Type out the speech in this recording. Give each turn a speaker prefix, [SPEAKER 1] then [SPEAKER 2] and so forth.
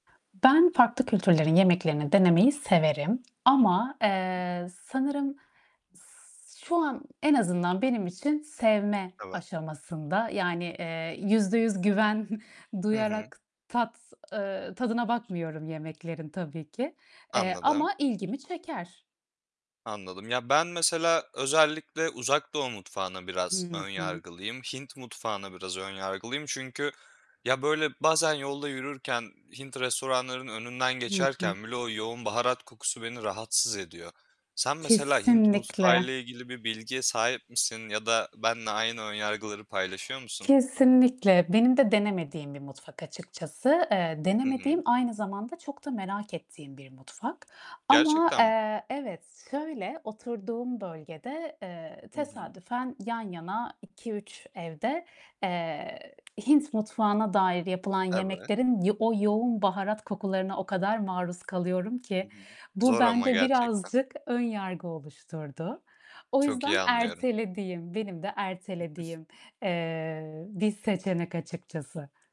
[SPEAKER 1] Ben farklı kültürlerin yemeklerini denemeyi severim ama,
[SPEAKER 2] [unintelligible]
[SPEAKER 1] eee, sanırım s şu an en azından benim için sevme
[SPEAKER 2] Evet.
[SPEAKER 1] aşamasında. Yani, eee, %100 güven
[SPEAKER 2] Hı hı.
[SPEAKER 1] duyarak tat, eee, tadına bakmıyorum yemeklerin tabii ki, eee,
[SPEAKER 2] Anladım.
[SPEAKER 1] ama ilgimi çeker.
[SPEAKER 2] Anladım. Ya, ben mesela özellikle, Uzak Doğu mutfağına biraz
[SPEAKER 1] Hı
[SPEAKER 2] ön
[SPEAKER 1] hı.
[SPEAKER 2] yargılıyım. Hint mutfağına biraz ön yargılıyım, çünkü ya böyle bazen yolda yürürken Hint restoranlarının önünden
[SPEAKER 1] Hı hı.
[SPEAKER 2] geçerken bile o yoğun baharat kokusu beni rahatsız ediyor. Sen mesela Hint
[SPEAKER 1] Kesinlikle.
[SPEAKER 2] mutfağıyla ilgili bir bilgiye sahip misin ya da benle aynı ön yargıları paylaşıyor musun?
[SPEAKER 1] Kesinlikle. Benim de denemediğim bir mutfak açıkçası. Eee,
[SPEAKER 2] Hı
[SPEAKER 1] denemediğim,
[SPEAKER 2] hı.
[SPEAKER 1] aynı zamanda çok da merak ettiğim bir mutfak ama,
[SPEAKER 2] Gerçekten mi?
[SPEAKER 1] eee, evet şöyle, oturduğum bölgede, eee,
[SPEAKER 2] Hı hı.
[SPEAKER 1] tesadüfen yan yana 2-3 evde, eee, Hint mutfağına dair yapılan
[SPEAKER 2] Evet.
[SPEAKER 1] yemeklerin ya o yoğun baharat kokularına o kadar maruz kalıyorum ki,
[SPEAKER 2] [unintelligible]
[SPEAKER 1] bu
[SPEAKER 2] Zor ama
[SPEAKER 1] bende
[SPEAKER 2] gerçekten.
[SPEAKER 1] birazcık önyargı oluşturdu. O
[SPEAKER 2] Çok iyi
[SPEAKER 1] yüzden
[SPEAKER 2] anlıyorum.
[SPEAKER 1] ertelediğim, benim de ertelediğim, eee, bir seçenek açıkçası.